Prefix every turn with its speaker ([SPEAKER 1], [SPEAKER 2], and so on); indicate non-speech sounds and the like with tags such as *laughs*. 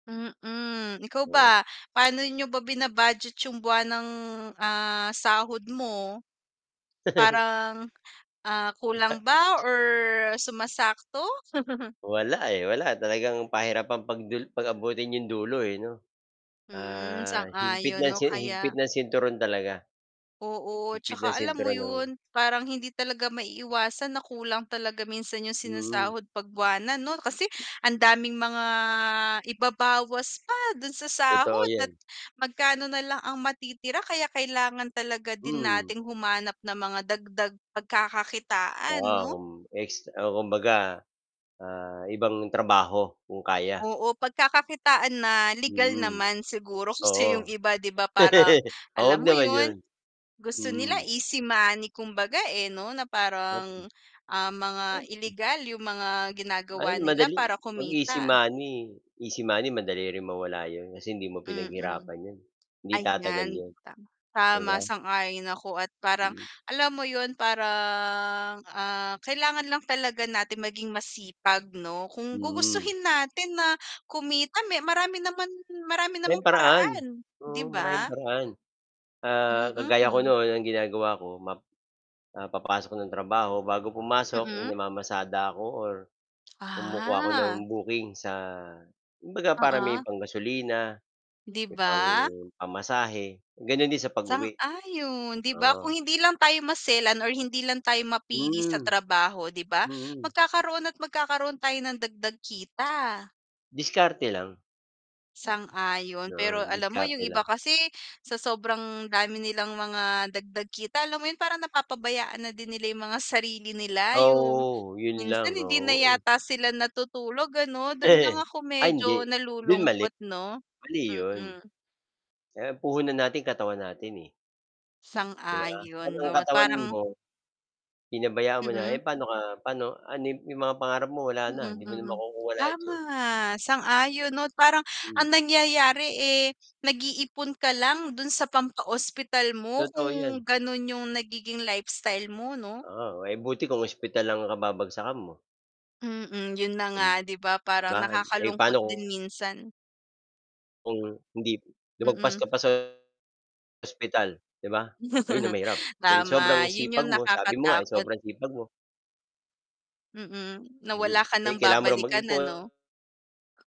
[SPEAKER 1] Mm, ikaw
[SPEAKER 2] Mm.
[SPEAKER 1] ba paano niyo ba bina-budget yung buwanang, ah, sahod mo?
[SPEAKER 2] *chuckles*
[SPEAKER 1] Parang, ah, kulang
[SPEAKER 2] Isa.
[SPEAKER 1] ba or sumasakto? *chuckles*
[SPEAKER 2] Wala, eh, wala talagang, pahirapan pag-dul pag-abutin 'yong dulo, eh, 'no,
[SPEAKER 1] Mm,
[SPEAKER 2] ah, higpit
[SPEAKER 1] sang-ayon
[SPEAKER 2] ng
[SPEAKER 1] 'no,
[SPEAKER 2] si
[SPEAKER 1] kaya
[SPEAKER 2] higpit ng sinturon talaga.
[SPEAKER 1] Oo.
[SPEAKER 2] Higpit ng
[SPEAKER 1] Tsaka alam mo
[SPEAKER 2] sinturon, oo.
[SPEAKER 1] yun, parang hindi talaga maiiwasan na kulang talaga minsan yung
[SPEAKER 2] Mm.
[SPEAKER 1] sinasahod 'pag bwanan no, kasi ang daming mga ibabawas pa dun sa
[SPEAKER 2] Totoo
[SPEAKER 1] sahod at
[SPEAKER 2] yan.
[SPEAKER 1] magkano nalang ang matitira, kaya kailangan talaga din
[SPEAKER 2] Hmm.
[SPEAKER 1] nating humanap ng mga dagdag pagkakakitaan
[SPEAKER 2] Oo,
[SPEAKER 1] no?
[SPEAKER 2] kum ex oh, kumbaga, ah, ibang trabaho, kung kaya.
[SPEAKER 1] Oo. Pagkakakitaan na legal
[SPEAKER 2] Mm,
[SPEAKER 1] naman siguro, kasi yung
[SPEAKER 2] oo.
[SPEAKER 1] iba 'di ba parang
[SPEAKER 2] *laughs* Huwag
[SPEAKER 1] alam mo
[SPEAKER 2] naman
[SPEAKER 1] yun,
[SPEAKER 2] 'yon,
[SPEAKER 1] gusto nila
[SPEAKER 2] mm.
[SPEAKER 1] easy money kumbaga, eh, no na parang,
[SPEAKER 2] *unintelligible*
[SPEAKER 1] ah, mga
[SPEAKER 2] *unintelligible*
[SPEAKER 1] ilegal yung mga
[SPEAKER 2] Ay,
[SPEAKER 1] ginagawa nila
[SPEAKER 2] madali
[SPEAKER 1] para
[SPEAKER 2] 'pag easy
[SPEAKER 1] kumita.
[SPEAKER 2] money. Easy money madali ring mawala 'yon, kasi hindi mo
[SPEAKER 1] Mm.
[SPEAKER 2] pinaghirapan 'yon. Hindi tatagal
[SPEAKER 1] Ayan
[SPEAKER 2] 'yon,
[SPEAKER 1] tama
[SPEAKER 2] 'di
[SPEAKER 1] tama
[SPEAKER 2] ba?
[SPEAKER 1] sang-ayon ako at parang,
[SPEAKER 2] Mm.
[SPEAKER 1] alam mo yun parang, ah, kailangan lang talaga natin maging masipag no. Kung
[SPEAKER 2] Mm.
[SPEAKER 1] gugustuhin natin na kumita me marami naman marami
[SPEAKER 2] May
[SPEAKER 1] namang
[SPEAKER 2] paraan,
[SPEAKER 1] paraan 'di
[SPEAKER 2] oo maraming
[SPEAKER 1] ba?
[SPEAKER 2] paraan. Ah,
[SPEAKER 1] Mm,
[SPEAKER 2] kagaya ko
[SPEAKER 1] mhm.
[SPEAKER 2] no'n, ang ginagawa ko, map ah, papasok ng trabaho, bago pumasok, eh,
[SPEAKER 1] Mm.
[SPEAKER 2] namamasada ako or kumukuha ako ng
[SPEAKER 1] Ah.
[SPEAKER 2] booking sa kumbaga para may
[SPEAKER 1] Oo.
[SPEAKER 2] panggasolina,
[SPEAKER 1] 'Di
[SPEAKER 2] may pang
[SPEAKER 1] ba?
[SPEAKER 2] pamasahe. Gano'n din sa pag-uwi,
[SPEAKER 1] Sang-ayon. 'Di ba, kung
[SPEAKER 2] oo.
[SPEAKER 1] hindi lang tayo maselan or hindi lang tayo mapili sa
[SPEAKER 2] Hmm,
[SPEAKER 1] trabaho 'di ba,
[SPEAKER 2] mm.
[SPEAKER 1] magkakaroon at magkakaroon tayo nang dagdag kita.
[SPEAKER 2] Diskarte lang.
[SPEAKER 1] Sang-ayon,
[SPEAKER 2] Oo,
[SPEAKER 1] pero alam mo yung
[SPEAKER 2] diskarte
[SPEAKER 1] iba
[SPEAKER 2] lang.
[SPEAKER 1] kasi sa sobrang dami nilang mga dagdag kita, alam mo yun parang napapabayaan na din nila yung mga sarili nila, yung
[SPEAKER 2] Oo. Yun
[SPEAKER 1] minsan
[SPEAKER 2] lang,
[SPEAKER 1] hindi na
[SPEAKER 2] oo, eh.
[SPEAKER 1] yata sila natutulog ano. Dun lang
[SPEAKER 2] *chuckles*
[SPEAKER 1] ako
[SPEAKER 2] Ay,
[SPEAKER 1] medyo
[SPEAKER 2] hindi. Dun mali,
[SPEAKER 1] nalulungkot 'no,
[SPEAKER 2] mali yun.
[SPEAKER 1] mm.
[SPEAKER 2] Eh, ang puhunan natin katawan natin, eh. 'Di ba,
[SPEAKER 1] Sang-ayon
[SPEAKER 2] 'pag ang
[SPEAKER 1] 'no at
[SPEAKER 2] katawan
[SPEAKER 1] parang
[SPEAKER 2] mo, pinabayaan mo na,
[SPEAKER 1] Mm.
[SPEAKER 2] eh, paano ka paano ano 'yong mga pangarap mo wala na,
[SPEAKER 1] Mm,
[SPEAKER 2] 'di mo na
[SPEAKER 1] mm.
[SPEAKER 2] makukuha lahat 'yon.
[SPEAKER 1] Tama, sang-ayon 'no. Parang ang
[SPEAKER 2] Mm.
[SPEAKER 1] nangyayari, eh, nag-iipon ka lang dun sa pampaospital mo
[SPEAKER 2] Totoo yan.
[SPEAKER 1] kung ganun yung nagiging lifestyle mo 'no?
[SPEAKER 2] Oo. Eh, buti kung ospital ang kababagsakan mo.
[SPEAKER 1] Mm, yun na nga 'di ba? parang
[SPEAKER 2] Ba, eh,
[SPEAKER 1] nakakalungkot
[SPEAKER 2] paano
[SPEAKER 1] din
[SPEAKER 2] ku
[SPEAKER 1] minsan.
[SPEAKER 2] kung hindi lumagpas
[SPEAKER 1] Mm.
[SPEAKER 2] ka pa sa, ospital 'di ba? Ayun na
[SPEAKER 1] *chuckles*
[SPEAKER 2] mahirap, dahil sobrang
[SPEAKER 1] Tama, yun
[SPEAKER 2] sipag
[SPEAKER 1] yung
[SPEAKER 2] mo, sabi mo nga
[SPEAKER 1] nakakatakot.
[SPEAKER 2] sobrang sipag mo.
[SPEAKER 1] Mm, na wala
[SPEAKER 2] Mhm,
[SPEAKER 1] ka nang
[SPEAKER 2] eh, kailangan mo ring
[SPEAKER 1] babalikan ano?
[SPEAKER 2] mag-ipon.